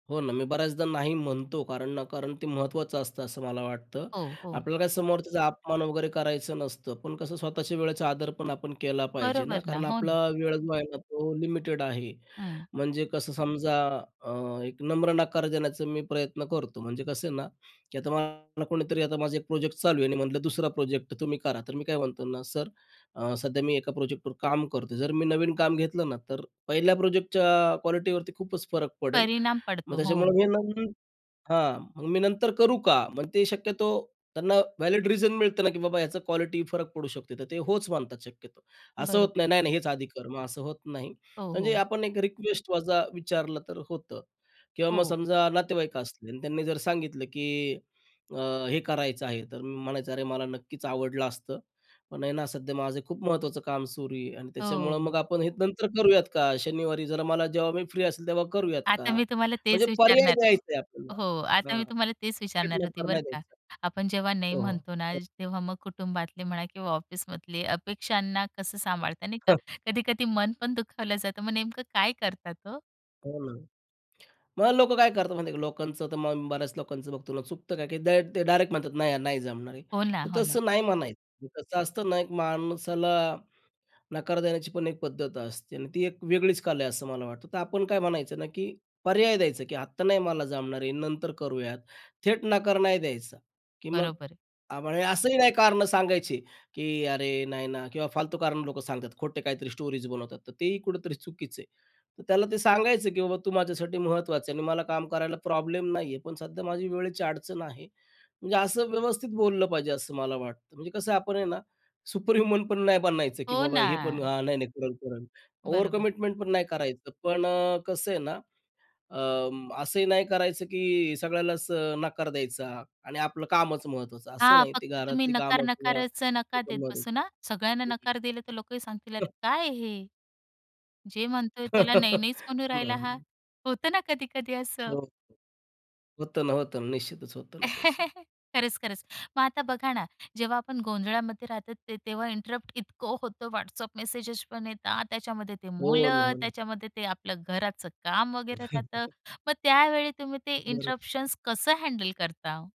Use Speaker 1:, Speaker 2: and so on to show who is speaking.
Speaker 1: हो ना. मी बऱ्याचदा नाही म्हणतो कारण ना कारण ते महत्त्वाचं असतं, असं मला वाटतं.
Speaker 2: हो, हो.
Speaker 1: आपल्याला काय समोरच्याचा अपमान वगैरे करायचं नसतं, पण कसं स्वतःच्या वेळेचा आदर पण आपण केला पाहिजे ना
Speaker 2: बरोबर ना.
Speaker 1: कारण
Speaker 2: हो ना.
Speaker 1: आपला वेळ जो आहे ना, तो लिमिटेड आहे.
Speaker 2: हं.
Speaker 1: म्हणजे कसं समजा अ, एक नम्र नकार देण्याचा मी प्रयत्न करतो. म्हणजे कसं आहे ना, की आता मला कोणीतरी आता माझा एक प्रोजेक्ट चालू आहे आणि म्हटलं, "दुसरा प्रोजेक्ट तुम्ही करा," तर मी काय म्हणतो ना, "सर, अ, सध्या मी एका प्रोजेक्टवर काम करतो" जर मी नवीन काम घेतलं ना, तर पहिल्या प्रोजेक्टच्या क्वालिटीवरती खूपच फरक पडेल.
Speaker 2: परिणाम
Speaker 1: मग
Speaker 2: पडतो,
Speaker 1: त्याच्यामुळे
Speaker 2: हो.
Speaker 1: मी आहे ना हां, मग मी नंतर करू का? मग ते शक्यतो त्यांना व्हॅलिड रिझन मिळतं ना, की बाबा ह्याचं क्वालिटी फरक पडू शकते, तर ते होच मानतात शक्यतो. असं होत
Speaker 2: बरोबर.
Speaker 1: नाही, नाही-नाही हेच आधी कर, मग असं होत नाही.
Speaker 2: हो,
Speaker 1: म्हणजे
Speaker 2: हो.
Speaker 1: आपण एक रिक्वेस्ट माझा विचारलं तर होतं किंवा मग
Speaker 2: हो.
Speaker 1: समजा नातेवाईक असले आणि त्यांनी जर सांगितलं, की अ, "हे करायचं आहे," तर मी म्हणायचं, "अरे, मला नक्कीच आवडलं असतं, पण आहे ना सध्या माझं खूप महत्त्वाचं काम सुरू आहे आणि त्याच्यामुळं मग
Speaker 2: हो.
Speaker 1: आपण हे नंतर करूयात का? शनिवारी जरा मला जेव्हा मी फ्री असेल, तेव्हा करूयात
Speaker 2: आता
Speaker 1: का?"
Speaker 2: मी तुम्हाला
Speaker 1: म्हणजे
Speaker 2: तेच
Speaker 1: पर्याय
Speaker 2: विचारणार
Speaker 1: द्यायचंय आपल्याला
Speaker 2: हो. आता
Speaker 1: हां,
Speaker 2: मी तुम्हाला तेच
Speaker 1: थेट
Speaker 2: विचारणार होती
Speaker 1: नकार
Speaker 2: बरं
Speaker 1: नाही
Speaker 2: का,
Speaker 1: द्यायचा.
Speaker 2: आपण जेव्हा नाही
Speaker 1: हो,
Speaker 2: म्हणतो ना,
Speaker 1: हो.
Speaker 2: तेव्हा मग कुटुंबातले म्हणा किंवा ऑफिसमधले अपेक्षांना कसं सांभाळतात नाही का.
Speaker 1: हं.
Speaker 2: कधी-कधी मन पण दुखावलं जातं, मग नेमकं काय करतात हो?
Speaker 1: हो ना. मग लोकं काय करतात माहिती आहे का, लोकांचं तर मग बऱ्याच लोकांचं बघतो ना, चुकतं काय डे ते डायरेक्ट म्हणतात नाही नाही जमणार आहे.
Speaker 2: हो ना,
Speaker 1: तर
Speaker 2: हो ना.
Speaker 1: तसं नाही म्हणायचं, कसं असतं ना एक माणसाला नकार देण्याची पण एक पद्धत असते आणि ती एक वेगळीच कला आहे असं मला वाटतं. तर आपण काय म्हणायचं ना, की पर्याय द्यायचा, की आत्ता नाही मला जमणार आहे, नंतर करूयात. थेट नकार नाही द्यायचा की मग
Speaker 2: बरोबर आहे.
Speaker 1: [unintelligible] असंही नाही कारणं सांगायची, की "अरे, नाही ना" किंवा फालतू कारण लोकं सांगतात, खोटे काहीतरी स्टोरीज बनवतात, तर तेही कुठेतरी चुकीचं आहे. तर त्याला ते सांगायचं, की "बाबा तू माझ्यासाठी महत्त्वाचं आहे आणि मला काम करायला प्रॉब्लेम नाहीये, पण सध्या माझी वेळेची अडचण आहे." म्हणजे असं व्यवस्थित बोललं पाहिजे असं मला वाटतं. म्हणजे कसं आपण आहे ना, सुपर ह्युमन पण नाही बनायचं, की
Speaker 2: हो
Speaker 1: बाबा हे पण
Speaker 2: ना.
Speaker 1: हां, नाही-नाही करेल-करेल.
Speaker 2: बरोबर.
Speaker 1: ओव्हरकमिटमेंट पण नाही करायचं. पण अ, कसं आहे ना, अं, असंही नाही करायचं की सगळ्यालाच अ, नकार द्यायचा आणि आपलं कामच महत्त्वाचं असं
Speaker 2: हां,
Speaker 1: नाही. ती
Speaker 2: फक्त तुम्ही
Speaker 1: घरातली
Speaker 2: नकार
Speaker 1: कामं किंवा
Speaker 2: नकाराच
Speaker 1: ते
Speaker 2: नका देत
Speaker 1: पण महत्वाचं
Speaker 2: बसू ना. सगळ्यांना
Speaker 1: हं, हं.
Speaker 2: नकार दिला तर लोकंही सांगतील, "अरे
Speaker 1: हं.
Speaker 2: काय हे? जे म्हणतोय त्याला नाही-नाहीच म्हणू राहिला हा."
Speaker 1: [unintelligible]
Speaker 2: होतं ना कधी-कधी
Speaker 1: हो,
Speaker 2: असं?
Speaker 1: हो, होतं ना, होतं ना, निश्चितच होतं ना तसं.
Speaker 2: खरंच, खरंच. मग आता बघा ना, जेव्हा आपण गोंधळामध्ये राहतो, ते तेव्हा इंटरप्ट इतकं होतं. WhatsApp मेसेज पण येतात, त्याच्यामध्ये ते
Speaker 1: हो ना,
Speaker 2: मुलं,
Speaker 1: हो ना.
Speaker 2: त्याच्यामध्ये ते आपलं घराचं काम वगैरे राहतं. मग त्यावेळी तुम्ही ते
Speaker 1: बरं.
Speaker 2: इंटरप्शन्स कसं हँडल करता?